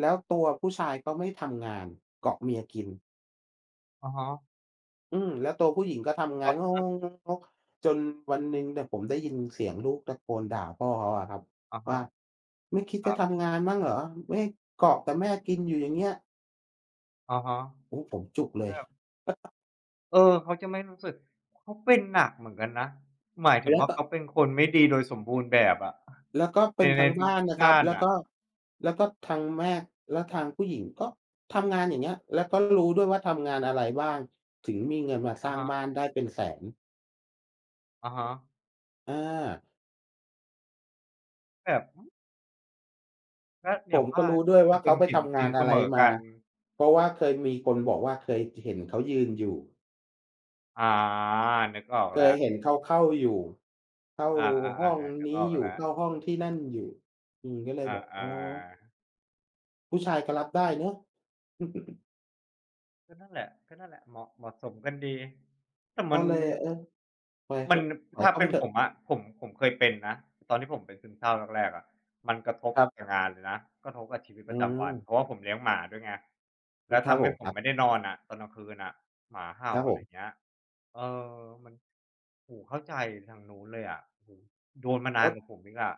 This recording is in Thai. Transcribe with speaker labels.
Speaker 1: แล้วตัวผู้ชายก็ไม่ทำงาน เกาะเมียกิน
Speaker 2: อะฮะ
Speaker 1: อืม แล้วตัวผู้หญิงก็ทำง
Speaker 2: อ
Speaker 1: าน
Speaker 2: ะ
Speaker 1: ง
Speaker 2: ฮะ
Speaker 1: ก ๆ ๆ ๆ ๆ จนวันหนึ่งเนี่ย ผมได้ยินเสียงลูกตะโกนด่าพ่อเขาอะครับ
Speaker 2: อะฮ
Speaker 1: ว่
Speaker 2: ะ
Speaker 1: า "ไม่คิด
Speaker 2: ค
Speaker 1: จ
Speaker 2: ร
Speaker 1: ะ
Speaker 2: ับ
Speaker 1: ทำงานบ้างเหรอ? ไม่ เกาะแต่แม่กินอยู่อย่างเงี้ย"
Speaker 2: อะฮะ
Speaker 1: โอ้ ผมจุกเล
Speaker 2: แท
Speaker 1: ย
Speaker 2: บ เออ เขาจะไม่รู้สึก เขาเป็นหนักเหมือนกันนะ หมายถึ
Speaker 1: แล
Speaker 2: ง
Speaker 1: ้ว
Speaker 2: ว่า
Speaker 1: ก็
Speaker 2: เขาเป็นคนไม่ดีโดยสมบูรณ์แบบอะ
Speaker 1: แล้วก็เป
Speaker 2: ใน
Speaker 1: ็นท
Speaker 2: ใน
Speaker 1: ั้ง
Speaker 2: ท
Speaker 1: บ้าน
Speaker 2: ุก
Speaker 1: นะ
Speaker 2: ๆ
Speaker 1: ค
Speaker 2: ด้
Speaker 1: รับ
Speaker 2: าน
Speaker 1: แล้ว
Speaker 2: น่
Speaker 1: ก
Speaker 2: ะ
Speaker 1: ็ แล้วก็ทางแม่ แล้วทางผู้หญิงก็ทำงาน อย่างเงี้ย แล้วก็รู้ด้วยว่าทำงานอะไรบ้าง ถึงมีเงินมาส
Speaker 2: อ
Speaker 1: ร้
Speaker 2: ะ
Speaker 1: าง
Speaker 2: ฮ
Speaker 1: บ
Speaker 2: ะ
Speaker 1: ้านได้เป็นแสน
Speaker 2: อะฮะ
Speaker 1: อา
Speaker 2: แบบ
Speaker 1: อ
Speaker 2: ก
Speaker 1: ื
Speaker 2: ็
Speaker 1: อ ผ
Speaker 2: อย่าง
Speaker 1: ม
Speaker 2: ว
Speaker 1: ก็
Speaker 2: ่า
Speaker 1: รู้
Speaker 2: นะ
Speaker 1: ด้วย
Speaker 2: ค
Speaker 1: ว
Speaker 2: น
Speaker 1: ่า
Speaker 2: เ
Speaker 1: เ
Speaker 2: ป
Speaker 1: ข
Speaker 2: ็
Speaker 1: า
Speaker 2: น
Speaker 1: ไป
Speaker 2: ศี
Speaker 1: ท
Speaker 2: ล
Speaker 1: ำง
Speaker 2: ศ
Speaker 1: า
Speaker 2: ี
Speaker 1: น
Speaker 2: ลเ
Speaker 1: อ
Speaker 2: ส
Speaker 1: ะไร
Speaker 2: มอ
Speaker 1: ม
Speaker 2: ก
Speaker 1: า
Speaker 2: ัน
Speaker 1: เพราะว่าเคยมีคนบอกว่า เคย อ เห็นเขายืนอยู่
Speaker 2: อา นึกออก
Speaker 1: เค
Speaker 2: แล
Speaker 1: ย
Speaker 2: ้ว
Speaker 1: เห็นเขาเข้าอยู่ เข้า
Speaker 2: อา
Speaker 1: ห้
Speaker 2: ๆ
Speaker 1: อ
Speaker 2: ๆ
Speaker 1: ง
Speaker 2: ๆ นึ
Speaker 1: น
Speaker 2: ก
Speaker 1: ี
Speaker 2: อ
Speaker 1: ้
Speaker 2: อก
Speaker 1: อยู่
Speaker 2: แล้
Speaker 1: เข
Speaker 2: ว
Speaker 1: ้าห้องที่นั่นอยู่ อืม ก็เลย
Speaker 2: อ
Speaker 1: แบบ อ
Speaker 2: า
Speaker 1: ๋อ
Speaker 2: ๆ
Speaker 1: ผู้ชายก็รับได้เนาะ
Speaker 2: ก็นั่นแหละ ก็นั่นแหละ เหมาะ เหมาะสมกันดี แต่
Speaker 1: ก
Speaker 2: ม
Speaker 1: ็
Speaker 2: ัน
Speaker 1: เลย เออ ไปเถ
Speaker 2: มั
Speaker 1: อ
Speaker 2: น
Speaker 1: ะ
Speaker 2: น
Speaker 1: ปล่อ
Speaker 2: ถ
Speaker 1: ย
Speaker 2: ้า
Speaker 1: เขา
Speaker 2: เ
Speaker 1: ไ
Speaker 2: ป
Speaker 1: ป
Speaker 2: ็น
Speaker 1: เถอ
Speaker 2: ผ
Speaker 1: ะ
Speaker 2: มอะ ผม ผมเคยเป็นนะ ตอนที่ผมเป็นซึมเศร้าแรก ๆ อะ มันกระทบ
Speaker 1: ครับ
Speaker 2: กับงานเลยนะ กระทบกับชีวิต
Speaker 1: อื
Speaker 2: ประจำวัน
Speaker 1: ม
Speaker 2: เพราะว่าผมเลี้ยงหมาด้วยไง
Speaker 1: อ
Speaker 2: แล้ว
Speaker 1: ค
Speaker 2: ท
Speaker 1: รับ
Speaker 2: ำใ
Speaker 1: ผ
Speaker 2: ห้
Speaker 1: ม
Speaker 2: ผ
Speaker 1: คร
Speaker 2: ม
Speaker 1: ับ
Speaker 2: ไม่ได้นอนอะ ตอนกลางคืนอะ หมาเห่
Speaker 1: ค
Speaker 2: า
Speaker 1: รับ
Speaker 2: อ
Speaker 1: ผ
Speaker 2: ะไร
Speaker 1: ม
Speaker 2: เงี้ย เออ มัน โอ้โฮ เข้าใจทางนู้นเลยอะ โอ้โฮ โดนมา
Speaker 1: โ
Speaker 2: น
Speaker 1: อ
Speaker 2: าน
Speaker 1: ้
Speaker 2: กว่าผมอีกอะ